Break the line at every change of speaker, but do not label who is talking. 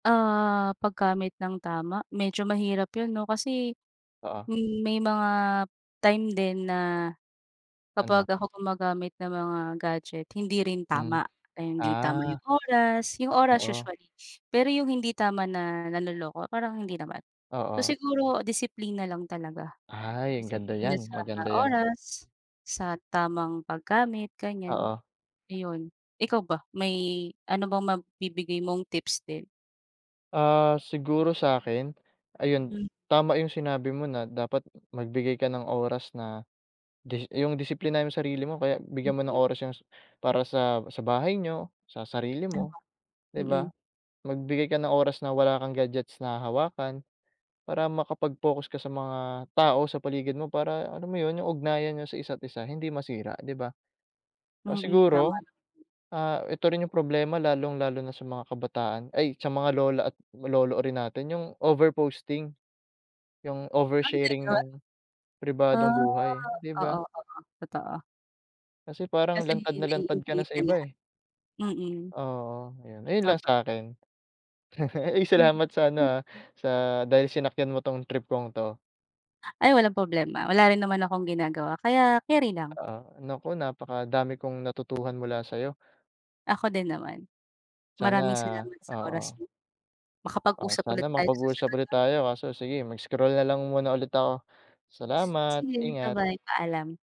Ah, paggamit ng tama, medyo mahirap 'yun 'no kasi,
Oo.
hmm, may mga time din na, kapag
Ano.
ako gumagamit ng mga gadget hindi rin
Hmm.
tama. Eh, hindi tama
Ah.
yung oras, yung oras
Oo.
usually, pero yung hindi tama na nanloloko parang hindi naman. So
Oo.
siguro disiplina lang talaga,
Ay, ang ganda
disiplina
niyan,
sa
maganda yan.
oras, sa tamang paggamit, ganiyan,
Oo.
ayun. Ikaw ba may ano bang mabibigay mong tips din?
Ah, siguro sa'kin ayun,
M
tama yung sinabi mo na dapat magbigay ka ng oras na dis yung disiplinahin mo yung sarili mo kaya bigyan mo ng
Mhm.
oras yung s para sa sa bahay niyo, sa sarili
Tama,
mo, di
mm.
ba? Magbigay ka ng oras na wala kang gadgets na hahawakan para makapag-focus ka sa mga tao sa paligid mo para alam mo yun, yung ugnayan niyo sa isa't isa hindi masira, di ba? Ah,
Mm, tama.
siguro, ah, ito rin yung problema lalong-lalo na sa mga kabataan ay sa mga lola at lolo rin natin yung over posting, yung oversharing
[unintelligible]
ng
Ah,
pribadong buhay, di ba?
oo, oo, totoo.
Kasi parang
Kasi
lantad na lantad ka na
naiinvade
sa
na
iba,
lahat,
eh.
mm.
Oo, yun. Ayun lang
Totoo.
sa'kin. Uy,
M
salamat sa ano,
hmm.
ah, sa dahil sinakyan mo 'tong trip kong 'to.
Ay walang problema, wala rin naman akong ginagawa kaya keri lang.
Oo, naku, napakadami kong natutuhan mula sa'yo.
Ako din naman, maraming
Sana,
salamat sa oras
oo.
mo,
Ah,
makapag-usap
sana
ulit tayo sa
makapag-usap
susunod
ulit
'no.
tayo, kaso sige, mag-scroll nalang muna ulit ako.
S
Salamat,
Sige,
ingat.
ba-bye, paalam.